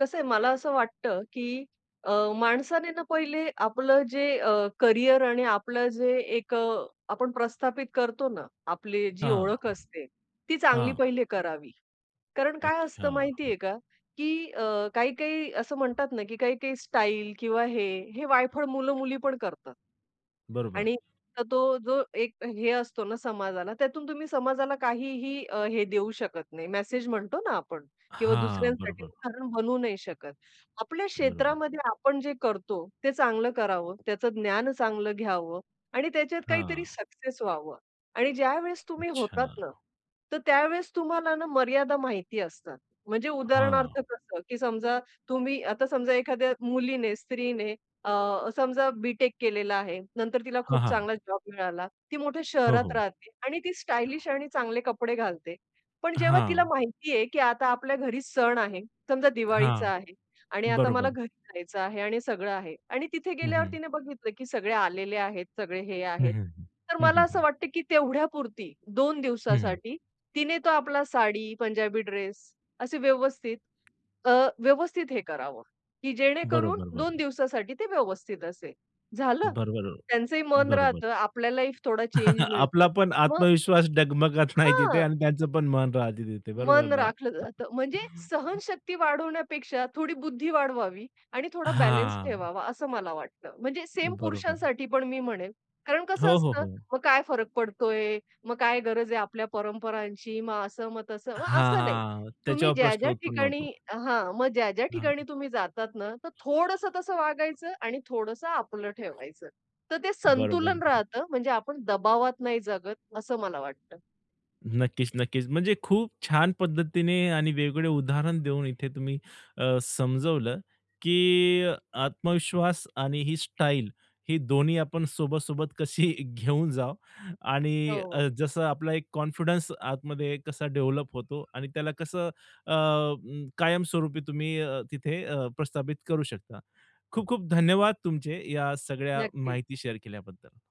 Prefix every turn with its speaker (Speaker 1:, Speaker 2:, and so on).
Speaker 1: कसं आहे मला असं वाटतं, की अ, माणसाने ना पहिले आपलं जे अ, करिअर आणि आपलं जे एक अ, आपण प्रस्थापित करतो ना, आपली जी
Speaker 2: हां, हां,
Speaker 1: ओळख असते, ती चांगली
Speaker 2: हां.
Speaker 1: पहिले करावी, कारण काय असतं
Speaker 2: अच्छा.
Speaker 1: माहितीये का, की अ, काही-काही असं म्हणतात ना, की काही-काही स्टाईल किंवा हे, हे वायफळ मुलं-मुली पण करतात.
Speaker 2: बरोबर.
Speaker 1: आणि [unintelligible] तो जो एक अ, हे असतो ना समाजाला, त्यातून तुम्ही समाजाला काहीही अ, हे देऊ शकत नाही, मेसेज म्हणतो ना आपण किंवा
Speaker 2: हां,
Speaker 1: दुसऱ्यांसाठी
Speaker 2: बरोबर.
Speaker 1: उदाहरण बनू नाही शकत. आपल्या
Speaker 2: बरोबर.
Speaker 1: क्षेत्रामध्ये आपण जे करतो, ते चांगलं करावं त्याचं ज्ञान चांगलं घ्यावं आणि त्याच्यात काहीतरी
Speaker 2: हां.
Speaker 1: सक्सेस व्हावं. आणि ज्यावेळेस तुम्ही होतात
Speaker 2: अच्छा.
Speaker 1: ना, तर त्यावेळेस तुम्हाला ना मर्यादा माहिती असतात. म्हणजे
Speaker 2: हां.
Speaker 1: उदाहरणार्थ कसं, की समजा तुम्ही आता समजा एखाद्या मुलीने, स्त्रीने अ, समजा बी-टेक केलेलं आहे. नंतर तिला
Speaker 2: हां,
Speaker 1: खूप
Speaker 2: हां.
Speaker 1: चांगला जॉब मिळाला, ती मोठ्या
Speaker 2: हो,
Speaker 1: शहरात
Speaker 2: हो.
Speaker 1: राहते आणि ती स्टायलिश आणि चांगले कपडे घालते. पण जेव्हा तिला
Speaker 2: हां.
Speaker 1: माहिती आहे की आता आपल्या घरी सण आहे. समजा
Speaker 2: हां,
Speaker 1: दिवाळीचा आहे आणि आता मला
Speaker 2: बरोबर.
Speaker 1: घरी जायचं आहे आणि सगळं आहे आणि तिथे
Speaker 2: हं,
Speaker 1: गेल्यावर
Speaker 2: हं.
Speaker 1: तिने बघितलं, की सगळे आलेले आहेत, सगळे हे
Speaker 2: हं,
Speaker 1: आहेत.
Speaker 2: हं, हं,
Speaker 1: तर
Speaker 2: हं,
Speaker 1: मला
Speaker 2: हं,
Speaker 1: असं
Speaker 2: हं.
Speaker 1: वाटतं की तेवढ्यापुरती, 2
Speaker 2: हं, हं.
Speaker 1: दिवसासाठी, तिने तो आपला साडी, पंजाबी ड्रेस असे व्यवस्थित अ, व्यवस्थित हे करावं की जेणेकरून
Speaker 2: बरोबर,
Speaker 1: 2
Speaker 2: बरोबर.
Speaker 1: दिवसासाठी ते व्यवस्थित असेल. झालं?
Speaker 2: बरोबर,
Speaker 1: त्यांचंही मन
Speaker 2: बरोबर.
Speaker 1: राहतं आपल्याही फ थोडा चेंज
Speaker 2: आपला
Speaker 1: मिळतो.
Speaker 2: पण
Speaker 1: मग
Speaker 2: आत्मविश्वास डगमगत नाही तिथे
Speaker 1: हां.
Speaker 2: आणि त्यांचं पण मन राहते तिथे, बरोबर
Speaker 1: मन
Speaker 2: ना?
Speaker 1: राखलं जातं म्हणजे सहनशक्ती वाढवण्यापेक्षा थोडी बुद्धी वाढवावी आणि थोडा बॅलन्स
Speaker 2: हां.
Speaker 1: ठेवावा असं मला वाटतं. म्हणजे सेम
Speaker 2: बरोबर.
Speaker 1: पुरुषांसाठी पण मी म्हणेन कारण कसं
Speaker 2: हो, हो,
Speaker 1: असतं,
Speaker 2: हो.
Speaker 1: "मग काय फरक पडतोय? मग काय गरज आहे आपल्या परंपरांची?" मग असं, मग तसं. मग
Speaker 2: हां,
Speaker 1: असं नाही.
Speaker 2: हां,
Speaker 1: तुम्ही
Speaker 2: त्याच्यावर प्रश्न
Speaker 1: ज्या-ज्या
Speaker 2: उत्पन्न
Speaker 1: ठिकाणी
Speaker 2: होतो.
Speaker 1: हां, मग ज्या-ज्या
Speaker 2: हां,
Speaker 1: ठिकाणी तुम्ही जातात ना, तर थोडंसं तसं
Speaker 2: हां.
Speaker 1: वागायचं आणि थोडंसं आपलं ठेवायचं. तर ते
Speaker 2: बरोबर,
Speaker 1: संतुलन
Speaker 2: बरो
Speaker 1: राहतं म्हणजे आपण दबावात नाही जगत असं मला वाटतं.
Speaker 2: नक्कीच, नक्कीच. म्हणजे खूप छान पद्धतीने आणि वेगवेगळे उदाहरण देऊन इथे तुम्ही अ, समजवलं, की अ, आत्मविश्वास आणि ही स्टाईल ही दोन्ही आपण सोबत-सोबत कशी घेऊन जाऊ
Speaker 1: हो,
Speaker 2: आणि अ,
Speaker 1: हो.
Speaker 2: जसं आपला एक कॉन्फिडन्स आतमध्ये कसा डेव्हलप होतो आणि त्याला कसं अ, अं, कायमस्वरूपी तुम्ही अ, तिथे अ, प्रस्थापित करू शकता. खूप-खूप धन्यवाद तुमचे या सगळ्या
Speaker 1: नक्कीच.
Speaker 2: माहिती शेअर केल्याबद्दल.